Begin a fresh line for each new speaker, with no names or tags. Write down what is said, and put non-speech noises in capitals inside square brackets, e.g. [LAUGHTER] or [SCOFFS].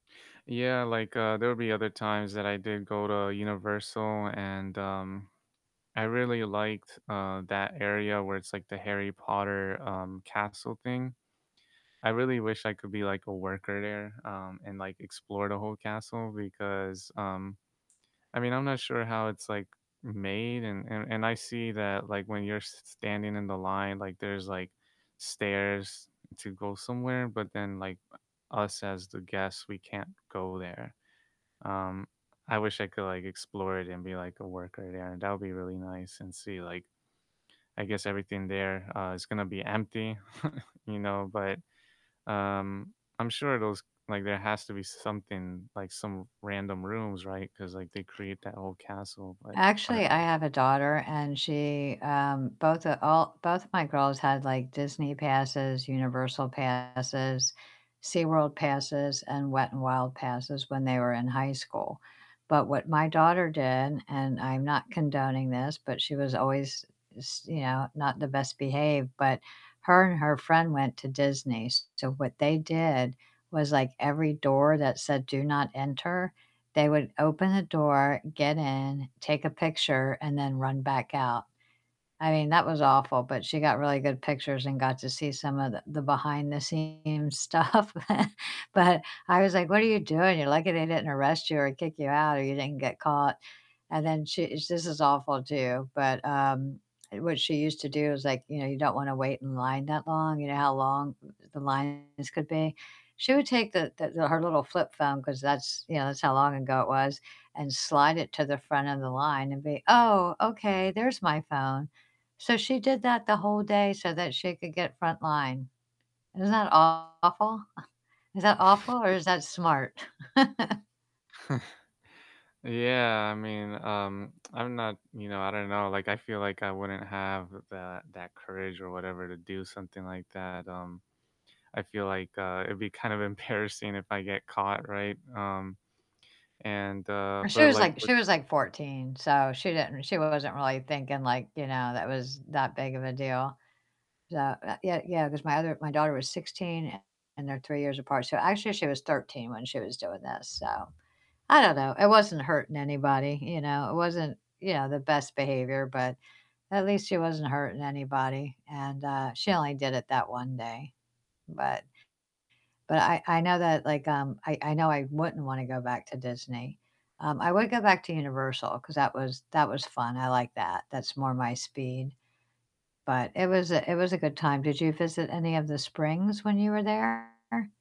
Yeah, like, uh, there would be other times that i did go to Universal and um, I really liked, uh, that area where it's, like, the Harry Potter, um, castle thing. I really wish I could be, like, a worker there, um, and, like, explore the whole castle because, um I mean, I'm not sure how it's, like, made and and and I see that, like, when you're s standing in the line, like, there's, like, stairs to go somewhere, but then, like, us as the guests, we can't go there, um I wish I could, like, explore it and be, like, a worker there, that would be really nice and see, like I guess everything there, uh, is gonna be empty, [CHUCKLES] you know, but, um, I'm sure those like, there has to be something, like, some random rooms, right? 'Cause, like, they create that whole castle, but I don't
Actually, I
know.
have a daughter and she, um, both of all both of my girls had, like, Disney passes, Universal passes, SeaWorld passes, and Wet 'n Wild passes when they were in high school. But what my daughter did and I'm not condoning this, but she was always s you know, not the best behaved, but her and her friend went to Disney, s so what they did was, like, every door that said, "Do not enter," they would open the door, get in, take a picture, and then run back out. I mean, that was awful, but she got really good pictures and got to see some of the the behind the scenes stuff, but I was like, "What are you doing? You're lucky they didn't arrest you or kick you out, or you didn't get caught." And then she this is awful too, but, um, what she used to do is, like you know, you don't wanna wait in line that long. You know how long the lines could be she would take the the her little flip phone, 'cause that's you know, that's how long ago it was, and slide it to the front of the line and be, "Oh, okay, there's my phone." So she did that the whole day so that she could get front line, isn't that awful? [SCOFFS] Is that awful or
[CHUCKLES]
is that smart? [CHUCKLES]
[CHUCKLES] Yeah, I mean, um, I'm not, you know I don't know, like, I feel like I wouldn't have that that courage or whatever to do something like that, um, I feel like, uh, it'd be kind of embarrassing if I get caught, right? Um, and, uh
She
but,
was,
like,
like
with
she was, like, 14, so she didn't she wasn't really thinking, like, you know, that was that big of a deal, so uh, yeah yeah, 'cause my other my daughter was 16 and and they're 3 years apart, so actually she was 13 when she was doing this, so I don't know. It wasn't hurting anybody, you know? It wasn't, you know, the best behavior, but at least she wasn't hurting anybody and, uh, she only did it that one day, but but I I know that, like, um I I know I wouldn't wanna go back to Disney. Um, I would go back to Universal 'cause that was that was fun, I liked that, that's more my speed. But it was a it was a good time. Did you visit any of the springs when you were there?